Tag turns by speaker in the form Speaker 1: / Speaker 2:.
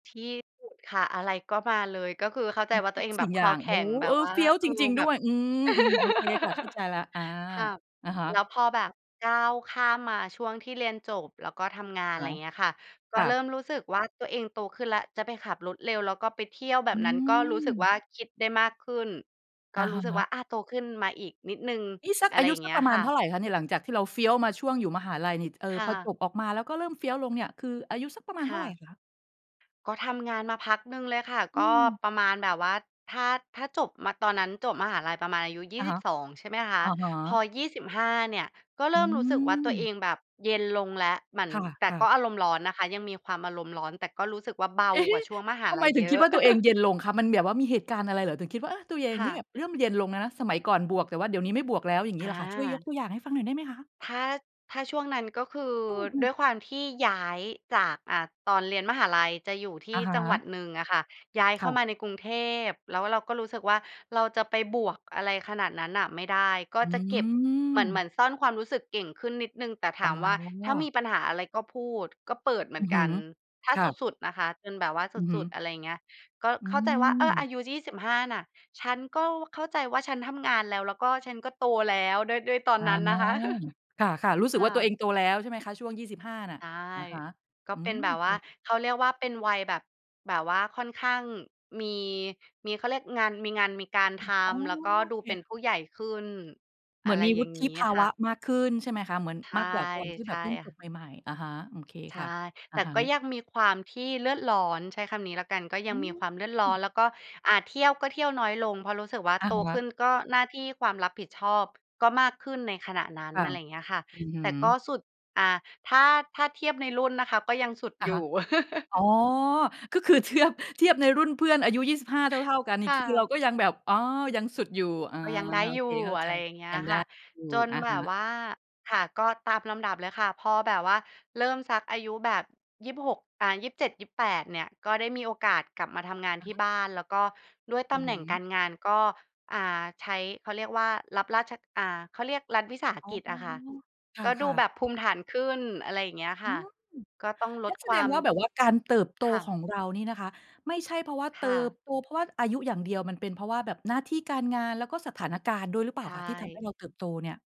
Speaker 1: ที่สุดค่ะ อะไรก็มาเลย ก็คือเข้าใ
Speaker 2: อ
Speaker 1: จ
Speaker 2: ือ
Speaker 1: ว่า
Speaker 2: ท
Speaker 1: ตั
Speaker 2: ุ
Speaker 1: วเ
Speaker 2: ก
Speaker 1: อง
Speaker 2: ส
Speaker 1: แบ
Speaker 2: ิ่ง
Speaker 1: บค
Speaker 2: อย่า
Speaker 1: อ
Speaker 2: ง
Speaker 1: แข
Speaker 2: โอ้
Speaker 1: ็
Speaker 2: โ
Speaker 1: ง
Speaker 2: ฮ!
Speaker 1: แบ
Speaker 2: เอ
Speaker 1: บ
Speaker 2: อ
Speaker 1: ว่า
Speaker 2: เฟี้ยว
Speaker 1: เอ
Speaker 2: จ
Speaker 1: อ
Speaker 2: ริง ๆ
Speaker 1: แ
Speaker 2: ด
Speaker 1: บ
Speaker 2: ้ว
Speaker 1: บ
Speaker 2: ย อืม ๆ โอเคค่ะ เข้าใจแล้ว อา
Speaker 1: ค่ะ
Speaker 2: อะฮะ
Speaker 1: แล้วพอแบบก้าวข้ามมาช่วงที่เรียนจบแล้วก็ทำงาน
Speaker 2: อะ
Speaker 1: ไ
Speaker 2: ฮ
Speaker 1: ร
Speaker 2: ะ
Speaker 1: เงี้ยค่ะ ก
Speaker 2: ค
Speaker 1: ็
Speaker 2: ่
Speaker 1: เริ่
Speaker 2: ะ
Speaker 1: มรู้สึกว่า ตัวเองโตขึ้นแล้ว จะไปขับรถเร็วแล้วก็ไปเที่ยวแบ
Speaker 2: อื
Speaker 1: บนั้นก็รู้สึกว
Speaker 2: ม
Speaker 1: ่า คิดได้มากขึ้น ก
Speaker 2: อ
Speaker 1: ็
Speaker 2: ะ
Speaker 1: รู
Speaker 2: ฮ
Speaker 1: ้สึกว
Speaker 2: ะ
Speaker 1: ่า อะ โตขึ้นมาอีกนิดหนึ่ง
Speaker 2: นี้สัก
Speaker 1: อะไ
Speaker 2: อ
Speaker 1: ร
Speaker 2: ายุ
Speaker 1: อย่าง
Speaker 2: ส
Speaker 1: เ
Speaker 2: ั
Speaker 1: งี
Speaker 2: ก
Speaker 1: ้
Speaker 2: ป
Speaker 1: ย
Speaker 2: ระมา
Speaker 1: ค
Speaker 2: ณ
Speaker 1: ่
Speaker 2: เท่
Speaker 1: ะ
Speaker 2: าไรคะเนี่ย? หลังจากที่เราเฟี้ยวมาช่วงอยู่มหาลัยนี่ ท เอ่
Speaker 1: ค
Speaker 2: อ
Speaker 1: ่
Speaker 2: พอ
Speaker 1: ะ
Speaker 2: จบออกมาแล้วก็เริ่มเฟี้ยวลงเนี่ยคืออายุสักประมาณ
Speaker 1: ค
Speaker 2: เท่
Speaker 1: ่
Speaker 2: าไร
Speaker 1: ะ
Speaker 2: คะ?
Speaker 1: ก็ทำงานมาพักหนึ่งเลยค่ะ
Speaker 2: อื
Speaker 1: ก็
Speaker 2: ม
Speaker 1: ประมาณแบบว่าถ้า ถ้าจบมะ ตอนนั้นจบมหาลัยประมาณอายุ ยี
Speaker 2: อ
Speaker 1: ่
Speaker 2: ะ
Speaker 1: ส
Speaker 2: ฮ
Speaker 1: ิบ
Speaker 2: ะ
Speaker 1: สอง ใช่ไหมคะ
Speaker 2: อะฮ
Speaker 1: พอ
Speaker 2: ะ
Speaker 1: 25 เนี่ยก็เ
Speaker 2: อ
Speaker 1: ร
Speaker 2: ื
Speaker 1: ิ่มรู้สึกว่า ตัวเอ
Speaker 2: ม
Speaker 1: งแบบเย็นลงแล้ว หมั่น
Speaker 2: ค
Speaker 1: แต่
Speaker 2: ่ะ
Speaker 1: ก็
Speaker 2: ๆ
Speaker 1: อารมณ์ร้อนนะคะ ยังมีความอารมณ์ร้อน แต่ก็รู้สึกว่า เบา
Speaker 2: เอเฮ
Speaker 1: กว่าช่วง
Speaker 2: ะ!
Speaker 1: มหา
Speaker 2: ทำ
Speaker 1: ล
Speaker 2: ไม
Speaker 1: ัย
Speaker 2: ถึ
Speaker 1: เย
Speaker 2: งค
Speaker 1: อ
Speaker 2: ิด
Speaker 1: ะ
Speaker 2: ว่า ตัวเองเย็นลงคะ? มันแบบว่ามีเหตุการณ์อะไรเหรอ? ถึงคิดว่า เออ! ตัวเอง
Speaker 1: ค่
Speaker 2: นี่แบ
Speaker 1: ะ
Speaker 2: บเริ่มเย็นลงแล้วนะ สมัยก่อนบวกแต่ว่าเดี๋ยวนี้ไม่บวกแล้ว อย่างงี
Speaker 1: อ
Speaker 2: ้เหรอคะ? ช่วยยก
Speaker 1: า
Speaker 2: ตัวอย่างให้ฟังหน่อยได้ไหมคะ?
Speaker 1: ถ้า ถ้าช่วงนั้น ก็คือ
Speaker 2: อื
Speaker 1: ด
Speaker 2: ม
Speaker 1: ้
Speaker 2: ๆ
Speaker 1: วยความที่ย้ายจาก อ่า ตอนเรียนมหาลัยจะอยู่ท
Speaker 2: อ
Speaker 1: ี
Speaker 2: ะ
Speaker 1: ่
Speaker 2: ฮ
Speaker 1: จังหวั
Speaker 2: ะ
Speaker 1: ดหนึ่งอะค่ะ ย้าย
Speaker 2: ค
Speaker 1: เข
Speaker 2: ่
Speaker 1: ้า
Speaker 2: ะ
Speaker 1: มาในกรุงเทพ แล้วเราก็รู้สึกว่า เราจะไปบวกอะไรขนาดนั้นน่ะไม่ได้ ก็
Speaker 2: อื
Speaker 1: จะเก็บ เหมือน เหม
Speaker 2: ม
Speaker 1: ือนซ่อนความรู้สึกเก่งขึ้นนิดหนึ่ง แต่
Speaker 2: อ
Speaker 1: ถ
Speaker 2: ๋
Speaker 1: า
Speaker 2: อ
Speaker 1: มว่า ถ้ามีปัญหาอะไรก็พูด ก็เปิดเหม
Speaker 2: อ
Speaker 1: ื
Speaker 2: ื
Speaker 1: อ
Speaker 2: อ
Speaker 1: น
Speaker 2: ฮ
Speaker 1: ก
Speaker 2: ึ
Speaker 1: ัน ถ้า
Speaker 2: ค
Speaker 1: ส
Speaker 2: ่ะ
Speaker 1: ุด ๆ นะคะ จนแบบว่าส
Speaker 2: อือฮึ
Speaker 1: ุด ๆ อะไรอย่างเงี้ย ก็
Speaker 2: อ
Speaker 1: เข้าใจว่า "เออ
Speaker 2: ืม
Speaker 1: อายุ 25 น่ะ ฉันก็เข้าใจว่า ฉันทำงานแล้ว แล้วก็ฉันก็โตแล้ว" ด้วย ด้วยตอ
Speaker 2: อ
Speaker 1: นนั้นนะคะ
Speaker 2: า ค่ะ ๆ รู้สึ
Speaker 1: ค
Speaker 2: กว
Speaker 1: ่
Speaker 2: ่า ตัวเ
Speaker 1: ะ
Speaker 2: องโตแล้ว ใช่ไหมคะ? ช่วง 25 น่ะ
Speaker 1: ใช่
Speaker 2: อะฮะ
Speaker 1: ก็
Speaker 2: อื
Speaker 1: เป็น
Speaker 2: ม
Speaker 1: แบ
Speaker 2: โอ
Speaker 1: บ
Speaker 2: เ
Speaker 1: ว่า
Speaker 2: ค
Speaker 1: เขาเรียกว่า เป็นวัยแบบ แบบว่าค่อนข้างมี มี เขาเรียกงาน มีงานมีการท
Speaker 2: อืม อ๋อ
Speaker 1: ำ แล้วก็
Speaker 2: โอ
Speaker 1: ดู
Speaker 2: เ
Speaker 1: เป็น
Speaker 2: ค
Speaker 1: ผู้ใหญ่ขึ้น
Speaker 2: เห
Speaker 1: อ
Speaker 2: ม
Speaker 1: ะ
Speaker 2: ือน
Speaker 1: ไร
Speaker 2: มี
Speaker 1: อย
Speaker 2: ว
Speaker 1: ่
Speaker 2: ุ
Speaker 1: าง
Speaker 2: ฒ
Speaker 1: งี
Speaker 2: ิ
Speaker 1: ้
Speaker 2: ภา
Speaker 1: ค
Speaker 2: ว
Speaker 1: ่
Speaker 2: ะ
Speaker 1: ะ
Speaker 2: มากขึ้น ใช่ไหมคะ? เหมือน
Speaker 1: ใช
Speaker 2: ม
Speaker 1: ่
Speaker 2: ากกว่าตอนที่
Speaker 1: ใ
Speaker 2: แ
Speaker 1: ช
Speaker 2: บบ
Speaker 1: ่
Speaker 2: เพิ่งจ
Speaker 1: ค่
Speaker 2: บ
Speaker 1: ะ
Speaker 2: ใหม่ ๆ อะฮะ โอเค
Speaker 1: ใช
Speaker 2: ค
Speaker 1: ่
Speaker 2: ่ะ อ
Speaker 1: แ
Speaker 2: ะ
Speaker 1: ต่
Speaker 2: ฮะ
Speaker 1: ก็ยังมีความที่เลือดร้อน ใช้คำนี้แล้วกัน ก็ย
Speaker 2: อ
Speaker 1: ั
Speaker 2: ื
Speaker 1: งมีความเลือดร้อ
Speaker 2: ม
Speaker 1: น แล้วก็ อ่า เที่ยวก็เที่ยวน้อยลง เพราะรู้สึกว่า
Speaker 2: อ
Speaker 1: โ
Speaker 2: ะ
Speaker 1: ต
Speaker 2: ฮ
Speaker 1: ขึ
Speaker 2: ะ
Speaker 1: ้นก็หน้าที่ความรับผิดชอบก็มากขึ้น ในขณะนั้
Speaker 2: ค
Speaker 1: น
Speaker 2: ่ะ
Speaker 1: อะไรอย่างเงี้ยค่ะ
Speaker 2: อือฮึ
Speaker 1: แต่ก็สุด อ่า ถ้า ถ้าเทียบในรุ่นนะคะก็ยังสุด
Speaker 2: อะ
Speaker 1: อย
Speaker 2: ฮ
Speaker 1: ู
Speaker 2: ะ
Speaker 1: ่
Speaker 2: อ๋อ ก็คือเทือบ เทียบในรุ่นเพื่อนอายุ 25 เท่า ๆ กันนี
Speaker 1: ค
Speaker 2: ่
Speaker 1: ่
Speaker 2: คือเร
Speaker 1: ะ
Speaker 2: าก็ยังแบบ อ๋อ ยังสุดอยู่ อา
Speaker 1: ก็ยังได้
Speaker 2: โอ
Speaker 1: อย
Speaker 2: เค
Speaker 1: ู่
Speaker 2: เข้า
Speaker 1: อ
Speaker 2: ใ
Speaker 1: ะ
Speaker 2: จ
Speaker 1: ไรอย่างเงี้
Speaker 2: ย
Speaker 1: ย
Speaker 2: ังไ
Speaker 1: ค
Speaker 2: ด้
Speaker 1: ่ะ
Speaker 2: อยู่
Speaker 1: จน
Speaker 2: อะ
Speaker 1: แบ
Speaker 2: ฮ
Speaker 1: บ
Speaker 2: ะ
Speaker 1: ว่า ค่ะ ก็ตามลำดับเลยค่ะ พอแบบว่าเริ่มสักอายุแบบ 26 อ่า 27-28 เนี่ย ก็ได้มีโอกาสกลับมาทำงานที่บ้าน แล้วก็ด้วยต
Speaker 2: อื
Speaker 1: ำ
Speaker 2: อ
Speaker 1: แห
Speaker 2: ฮ
Speaker 1: น่ง
Speaker 2: ึ
Speaker 1: การงานก็ อ่า ใช้ เขาเรียกว่า รับราช อ่า เขาเรียกรัฐวิสาห
Speaker 2: อ๋อ
Speaker 1: กิจอะค่ะ
Speaker 2: ค
Speaker 1: ก็ดู
Speaker 2: ่ะ
Speaker 1: แ
Speaker 2: ๆ
Speaker 1: บบภูมิฐานขึ้น อะไรอย่างเงี้ย
Speaker 2: อ
Speaker 1: ค
Speaker 2: ื
Speaker 1: ่ะ
Speaker 2: ม
Speaker 1: ก็ต้องล
Speaker 2: งั
Speaker 1: ด
Speaker 2: ้นแส
Speaker 1: คว
Speaker 2: ด
Speaker 1: า
Speaker 2: ง
Speaker 1: ม
Speaker 2: ว่า แบบว่าการเติบโต
Speaker 1: ค่
Speaker 2: ข
Speaker 1: ะ
Speaker 2: องเรานี่นะคะ ไม่ใช่เพราะว่าเ
Speaker 1: ค
Speaker 2: ติ
Speaker 1: ่
Speaker 2: บ
Speaker 1: ะ
Speaker 2: โตเพราะว่าอายุอย่างเดียว มันเป็นเพราะว่าแบบหน้าที่การงานแล้วก็สถานการณ์ด้วยหรือเปล
Speaker 1: ใช
Speaker 2: ่าคะ? ที่ทำให้
Speaker 1: ่
Speaker 2: เราเติบโตเนี่ย